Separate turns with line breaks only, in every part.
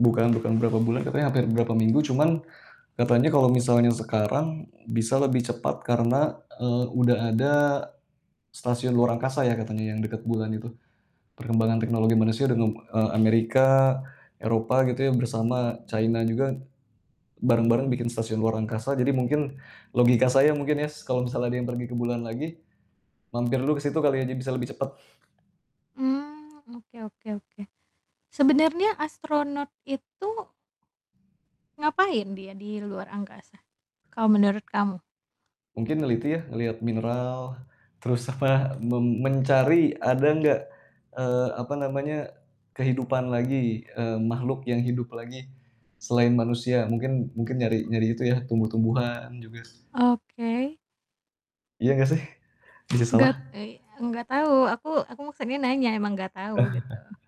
Bukan bukan berapa bulan katanya hampir berapa minggu, cuman katanya kalau misalnya sekarang bisa lebih cepat karena, eee, udah ada stasiun luar angkasa ya katanya yang dekat bulan itu. Perkembangan teknologi manusia dengan, eee, Amerika, Eropa gitu ya bersama China juga, bareng-bareng bikin stasiun luar angkasa. Jadi mungkin logika saya mungkin ya s kalau misalnya ada yang pergi ke bulan lagi, mampir dulu ke situ kali aja bisa lebih cepat.
Hmm, oke oke oke. Sebenarnya astronaut itu ngapain dia di luar angkasa, kalau menurut kamu?
Mungkin neliti ya, melihat mineral, terus apa, mem mencari ada nggak, eee, apa namanya, kehidupan lagi, eee, makhluk yang hidup lagi, selain manusia mungkin mungkin nyari nyari itu ya tumbuh-tumbuhan juga s
Oke.
Iya nggak sih? Bisa salah.
Gat ey enggak tahu aku aku maksudnya nanya emang nggak tahu, gitu.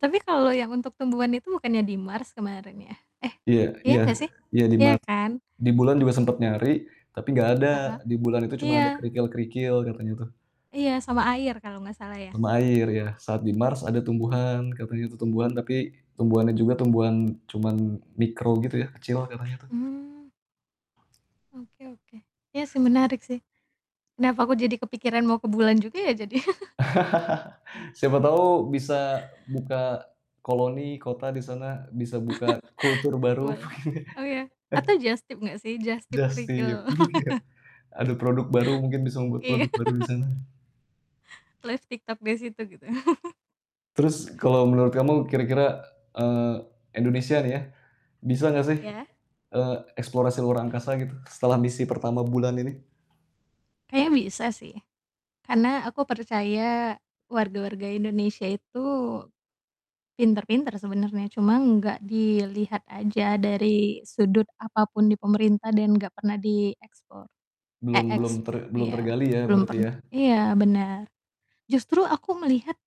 Tapi kalau yang untuk tumbuhan itu bukannya di Mars kemarin ya? Eh,
Iya
iya,
iya,
nggak sih?
iya di
Iya
Mars.
kan.
Di bulan juga sempat nyari tapi nggak ada.
Heeh.
Di bulan itu cuma ada
Iya.
kerikil-kerikil katanya tuh.
Iya, sama air kalau nggak salah ya.
Sama air ya, saat di Mars ada tumbuhan, katanya itu tumbuhan, tapi tumbuhannya juga tumbuhan cuman mikro gitu ya, kecil katanya tuh.
Hmm. Oke oke. Iya sih menarik sih. Kenapa aku jadi kepikiran mau ke bulan juga ya jadi.
Siapa tahu bisa buka koloni kota di sana, bisa buka kultur baru mungkin.
Boleh. Oh ya? Atau jastip nggak sih? Jastip
Jastip,
kerikil.
iya. Ada produk baru mungkin bisa membuat
Iya.
produk baru di sana.
Live TikTok di situ gitu.
Terus, kalau menurut kamu kira-kira, eee, Indonesia nih ya, bisa nggak sih,
Iya.
eee, eksplorasi luar angkasa gitu setelah misi pertama bulan ini?
Kayaknya bisa sih, karena aku percaya warga-warga Indonesia itu pintar-pintar sebenarnya, cuman nggak dilihat aja dari sudut apa pun di pemerintah dan nggak pernah diekspor. Eh,
Belum belum
ex
ter belum
iya,
tergali ya
belum
berarti
pern
ya.
iya, benar. Justru aku melihat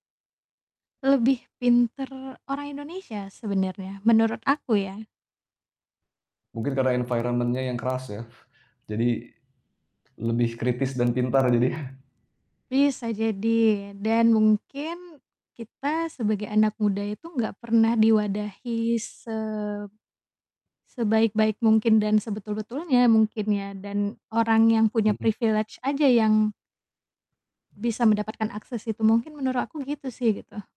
lebih pintar orang Indonesia sebenarnya menurut aku ya.
Mungkin karena environment-nya yang keras ya. Jadi, lebih kritis dan pintar jadinya.
Bisa jadi dan mungkin kita sebagai anak muda itu nggak pernah diwadahi se sebaik-baik mungkin dan sebetul-betulnya mungkin ya dan orang yang punya
Mhm.
privilege aja yang bisa mendapatkan akses itu mungkin menurut aku gitu sih gitu.